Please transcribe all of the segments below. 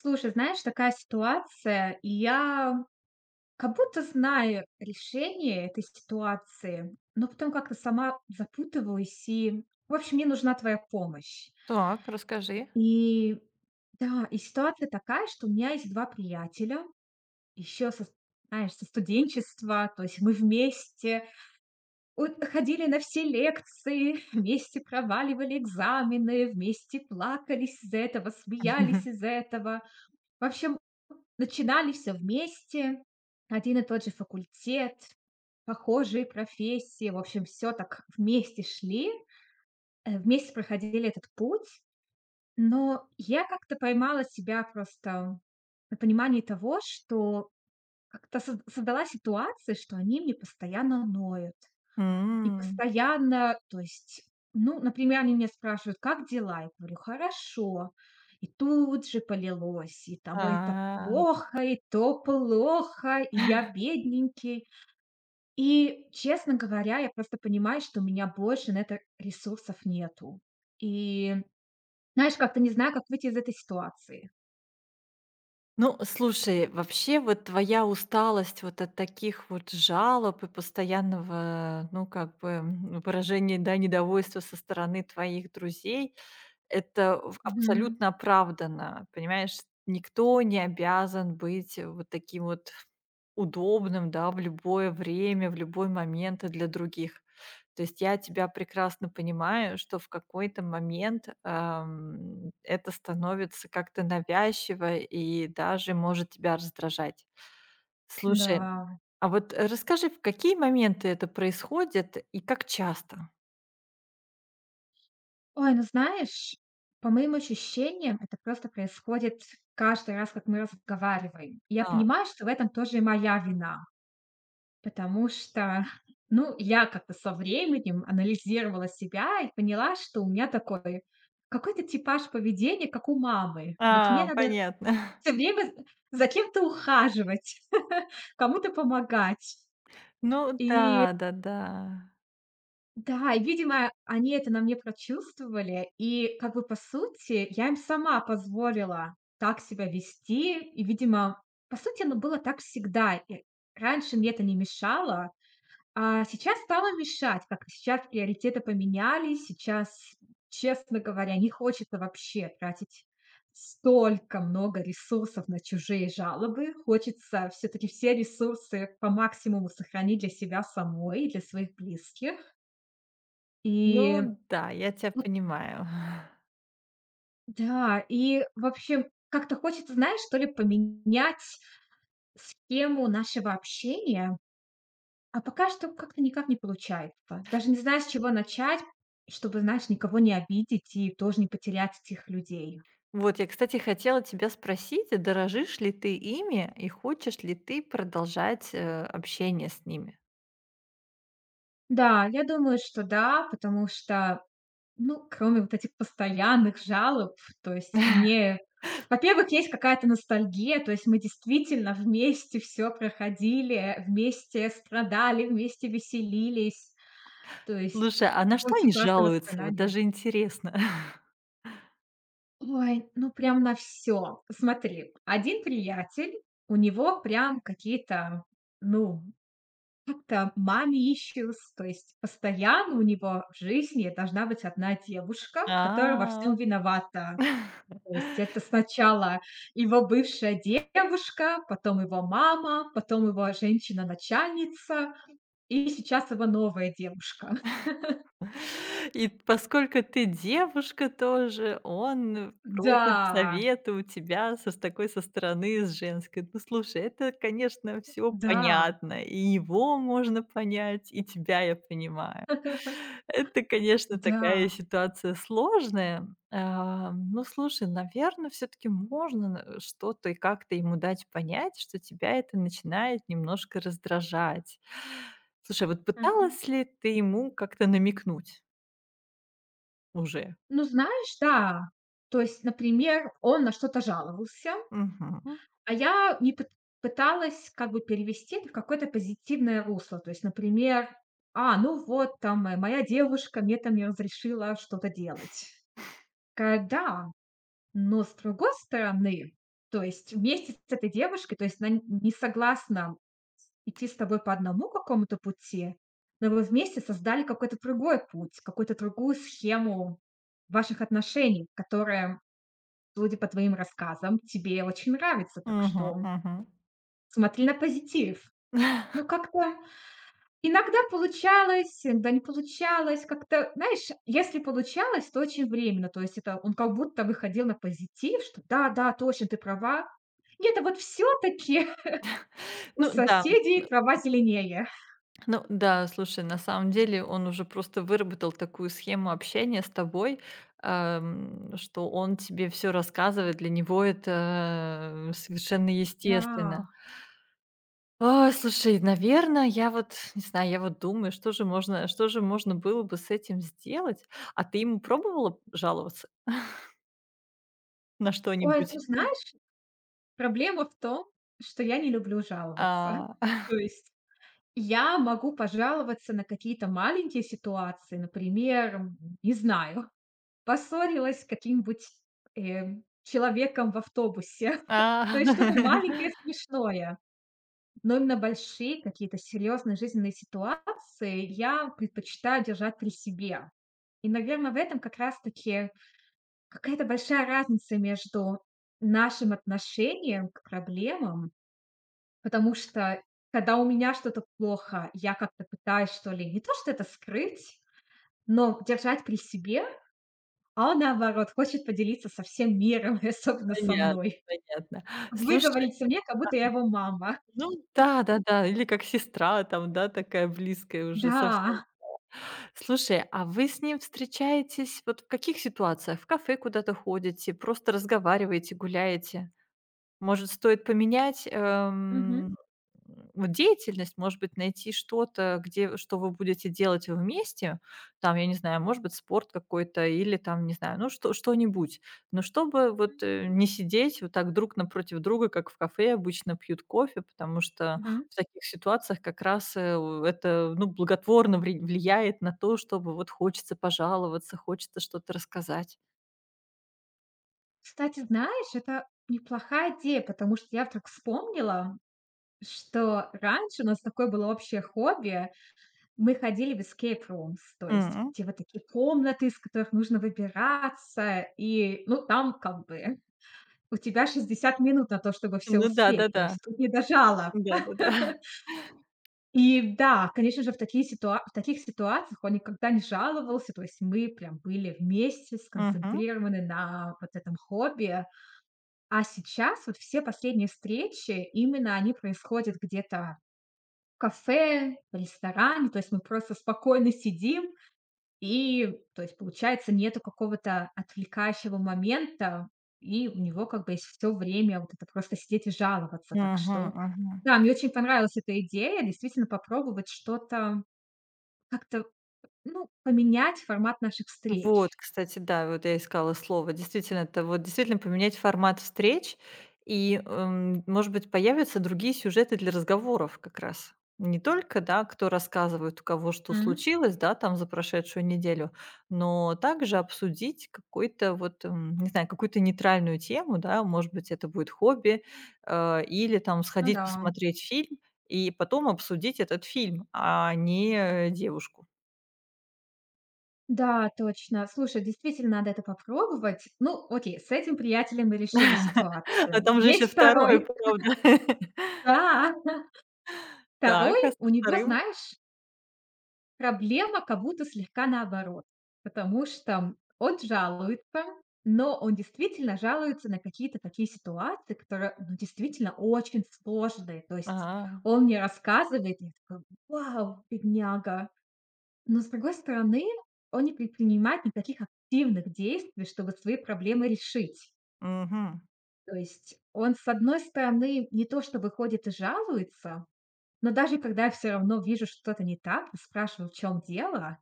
Слушай, знаешь, такая ситуация. Я как-будто знаю решение этой ситуации, но потом как-то сама запутываюсь и в общем мне нужна твоя помощь. Так, расскажи. И, да. И ситуация такая, что у меня есть 2 приятеля, ещё со знаешь, со студенчества. То есть мы вместе от ходили на все лекции, вместе проваливали экзамены, вместе плакались из-за этого, смеялись из-за этого. В общем начинали всё вместе. Один и тот же факультет, похожие профессии. В общем всё так вместе шли, э, вместе проходили этот путь. Но я как-то поймала себя просто на понимании того, что как-то со создалась ситуация, что они мне постоянно ноют и М. постоянно То есть, ну, например, они меня спрашивают: "Как дела?" Я говорю: "Хорошо." И тут же полилось. И там: "Ой, это А. плохо, и то плохо, и я бедненький." И, честно говоря, я просто понимаю, что у меня больше на это ресурсов нету. И знаешь, как-то не знаю, как выйти из этой ситуации. Ну, э, слушай, вообще, вот твоя усталость вот от таких вот жалоб и постоянного, ну как бы, м, выражения, да, недовольства со стороны твоих друзей- это в Мгм. абсолютно оправдано. Понимаешь, никто не обязан быть вот таким вот удобным, да, в любое время, в любой момент и для других. То есть я тебя прекрасно понимаю, что в какой-то момент, эм, это становится как-то навязчиво и даже может тебя раздражать. Слушай, Да. а вот, э, расскажи, в какие моменты это происходит и как часто. Ой, ну знаешь, по моим ощущениям, это просто происходит каждый раз, как мы разговариваем. Я Да. понимаю, что в этом тоже и моя вина. Потому что ну я как-то со временем анализировала себя и поняла, что у меня такой какой-то типаж поведения, как у мамы. Вот мне А, надо понятно. всё время, э, за кем-то ухаживать, кому-то помогать. Ну И да, да, да. Да, и, видимо, они это на мне прочувствовали, и как бы, по сути, я им сама позволила так себя вести. И, видимо, по сути, оно было так всегда. И раньше мне это не мешало, а сейчас стало мешать. Как-то сейчас приоритеты поменялись. Сейчас, честно говоря, не хочется вообще тратить столько много ресурсов на чужие жалобы. Хочется всё-таки все ресурсы по максимуму сохранить для себя самой и для своих близких. И, Ну да, я тебя ну понимаю. Да. И в общем, как-то хочется, знаешь, что ли поменять схему нашего общения. А пока что как-то никак не получается. Даже не знаю с чего начать, чтобы, знаешь, никого не обидеть и тоже не потерять этих людей. Вот я кстати хотела тебя спросить, а дорожишь ли ты ими и хочешь ли ты продолжать, э, общение с ними. Да, я думаю, что да, потому что, ну, кроме вот этих постоянных жалоб, то есть мне во-первых, есть какая-то ностальгия. То есть мы действительно вместе всё проходили, вместе страдали, вместе веселились. То есть Слушай, а на что очень они классные жалуются? Вот воспоминания. даже интересно. Ой, ну прям на всё. Смотри, 1 приятель, у него прям какие-то, ну как-то mommy issues. То есть постоянно у него в жизни должна быть 1 девушка, которая во А. всем виновата. То есть это сначала его бывшая девушка, потом его мама, потом его, а, женщина начальница и сейчас его новая девушка. И т поскольку ты девушка тоже, он просит Да. совета у тебя со с такой, со стороны с женской. Ну слушай, это, конечно, всё Да. понятно, и его можно понять, и тебя я понимаю. Это, конечно, такая Да. ситуация сложная. Ам, ну слушай, наверно, всё-таки можно н э, что-то и как-то ему дать понять, что тебя это начинает немножко раздражать. Слушай, вот Мгм. пыталась ли ты ему как-то намекнуть уже? Ну знаешь, да. То есть, например, он на что-то жаловался, Мгм. а я не пыт пыталась как бы перевести это в какое-то позитивное русло. То есть, например: "А, ну вот там моя моя девушка мне там не разрешила что-то делать". Такая: "Да, но с другой стороны, то есть вместе с этой девушкой, то есть на н не согласна с идти с тобой по одному какому-то пути, но вы вместе создали какой-то другой путь, какой-то другую схему ваших отношений, которая, судя по твоим рассказам, тебе очень нравится. Так Мгм, что мгм. смотри на позитив". Ну, как-то иногда получалось, да не получалось. Как-то, знаешь, если получалось, то очень временно. То есть это он как будто выходил на позитив, что: "Да, да, точно, ты права. Нет, а вот всё-таки у Ну да. Э, соседей трава м. зеленее". Ну да, слушай, на самом деле он уже просто выработал такую схему общения с тобой, ам, что он тебе всё рассказывает. Для него это совершенно естественно. Да. Ой, слушай, наверно, я вот не знаю, я вот думаю, что же можно, э, что же можно было бы с этим сделать. А ты ему пробовала жаловаться? На Ой, ну что-нибудь? знаешь, проблема в том, что я не люблю жаловаться. А. То есть я могу пожаловаться на какие-то маленькие ситуации. Например, не знаю, поссорилась с каким-нибудь, э, человеком в автобусе. А. То есть что-то маленькое, смешное, но именно большие какие-то серьезные жизненные ситуации я предпочитаю держать при себе. И, наверно, в этом как раз таки какая-то большая разница между нашим отношением к проблемам. Потому что, когда у меня что-то плохо, я как-то пытаюсь, что ли, не то что это скрыть, но держать при себе. А он, наоборот, хочет поделиться со всем миром и особенно со Понятно, мной. понятно. Слушай, ага. Выговориться мне, как-будто я его мама. Ну да, да-да. Или как сестра там, да, такая близкая уже совсем Да. стала. Слушай, а вы с ним встречаетесь вот в каких ситуациях? В кафе куда-то ходите, просто разговариваете, гуляете? Может, стоит поменять, Мгм. эм, вот деятельность, может быть, найти что-то, где что вы будете делать вместе. Там, я не знаю, может быть, спорт какой-то или, там, не знаю, ну, что что-нибудь, но чтобы вот, М. э, не сидеть вот так друг напротив друга, как в кафе обычно пьют кофе. Потому что, Мгм. в таких ситуациях как раз, э, у это, ну, благотворно ври влияет на то, чтобы вот хочется пожаловаться, хочется что-то рассказать. Кстати, знаешь, это неплохая идея, потому что я вдруг вспомнила, что раньше у нас такое было общее хобби. Мы ходили в эскейп-румс, то есть М. в те вот такие комнаты, из которых нужно выбираться и, ну там как бы у тебя 60 минут на то, чтобы всё Ну да, да, успеть. То да. есть тут не до жалоб. Да, да, да. И да, конечно же, в такие ситуа в таких ситуациях он никогда не жаловался. То есть мы прям были вместе Мгм. сконцентрированы на вот этом хобби. А сейчас вот все последние встречи, именно они происходят где-то в кафе, в ресторане. То есть мы просто спокойно сидим, и то есть получается нету какого-то отвлекающего момента, и у него как бы есть всё время вот это просто сидеть и жаловаться. Так Мгм, что мгм. да, мне очень понравилась эта идея, действительно попробовать что-то, как-то, ну, поменять формат наших Вот, встреч. кстати, да. Вот я искала слово, действительно это вот, действительно поменять формат встреч и, эм, может быть, появятся другие сюжеты для разговоров как раз. Не только, да, кто рассказывает, у кого что М. случилось, да, там за прошедшую неделю, но также обсудить какой-то вот, м, не знаю, какую-то нейтральную тему, да. Может быть это будет хобби, э, или там Ну сходить да. посмотреть фильм и потом обсудить этот фильм, а не, э, девушку. Да, точно. Слушай, действительно, надо это попробовать. Ну, окей, с этим приятелем мы решили А ситуацию. там же еще Есть 2, 2. правда. Да. 2, Так, а со у него, 2? знаешь проблема как будто слегка наоборот. Потому что он жалуется, но он действительно жалуется на какие-то такие ситуации, которые ну действительно очень сложные. То есть А. он мне рассказывает, я такая: "Вау, бедняга!" Но, с другой стороны, он не предпринимает никаких активных действий, чтобы свои проблемы решить. Мгм. То есть он, с одной стороны, не то что бы ходит и жалуется, но даже когда я всё равно вижу, что-то не так, и спрашиваю, в чём дело,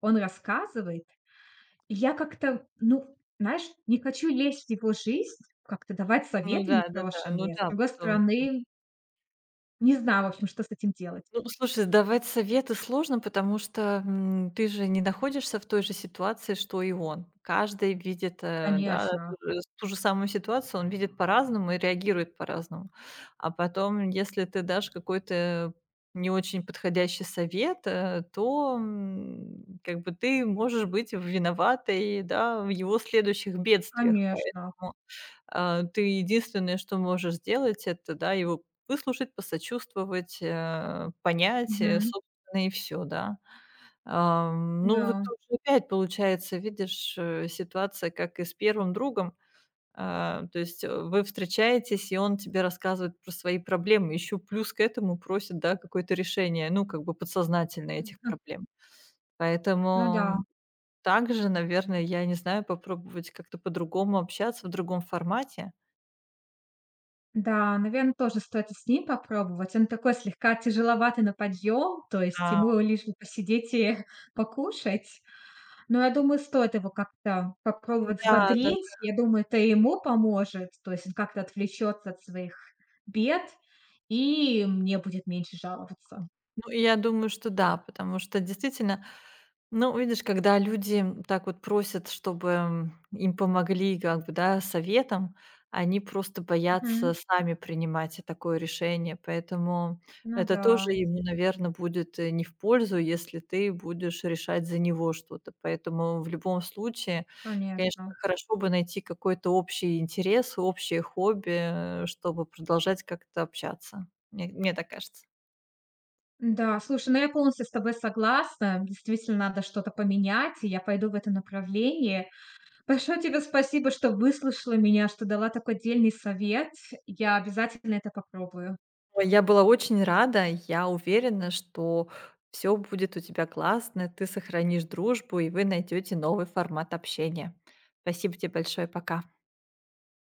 он рассказывает. И я как-то, ну, знаешь, не хочу лезть в его жизнь, как-то давать Ну советы да, да-да. Ну непрошеные. С да, другой потом м стороны не знаю, в общем, что с этим делать. Ну, слушай, давать советы сложно, потому что, м, ты же не находишься в той же ситуации, что и он. Каждый видит, э, да, а, Конечно. ту же ту же самую ситуацию он видит по-разному и реагирует по-разному. А потом, если ты дашь какой-то не очень подходящий совет, э, то, м, как бы ты можешь быть виноватой, да, в его следующих бедствиях. Конечно. Поэтому, а, ты единственное, что можешь сделать, это, да, его выслушать, посочувствовать, э, понять, а, Мгм. собственно, и всё, да. Ам, ну вот Да. тоже опять получается, видишь, э, ситуация, как и с 1 другом. А, то есть, э, вы встречаетесь, и он тебе рассказывает про свои проблемы. Еще плюс к этому просит, да, какое-то решение, ну, как бы подсознательно этих Мгм. проблем. Ну Поэтому да. также, наверно, я не знаю, попробовать как-то по-другому общаться в другом формате. Да, наверно, тоже стоит и с ним попробовать. Он такой слегка тяжеловатый на подъем, то есть Ау. ему лишь бы посидеть и покушать. Но я думаю, стоит его как-то Нам попробовать да, да-да. взбодрить. Я думаю, это и ему поможет. То есть он как-то отвлечётся от своих бед, и мне будет меньше жаловаться. Ну и я думаю, что да. Потому что, действительно, ну, видишь, когда люди так вот просят, чтобы, м, им помогли и как бы, да, советом, они просто Мгм. боятся сами принимать и такое решение. Поэтому Ну это тоже да. ему, наверно, будет, э, не в пользу, если ты будешь решать за него что-то. Поэтому, в любом случае, конечно, Конечно. хорошо бы найти какой-то общий интерес и общее хобби, а, чтобы продолжать как-то общаться. Мне мне так кажется. Н-да, слушай, ну я полностью с тобой согласна. Действительно, надо что-то поменять, и я пойду в этом направлении. Большое тебе спасибо, что выслушала меня, что дала такой дельный совет. Я обязательно это попробую. Ой, я была очень рада. Я уверена, что всё будет у тебя классно, и ты сохранишь дружбу, и вы найдёее новый формат общения. Спасибо те большое. Пока.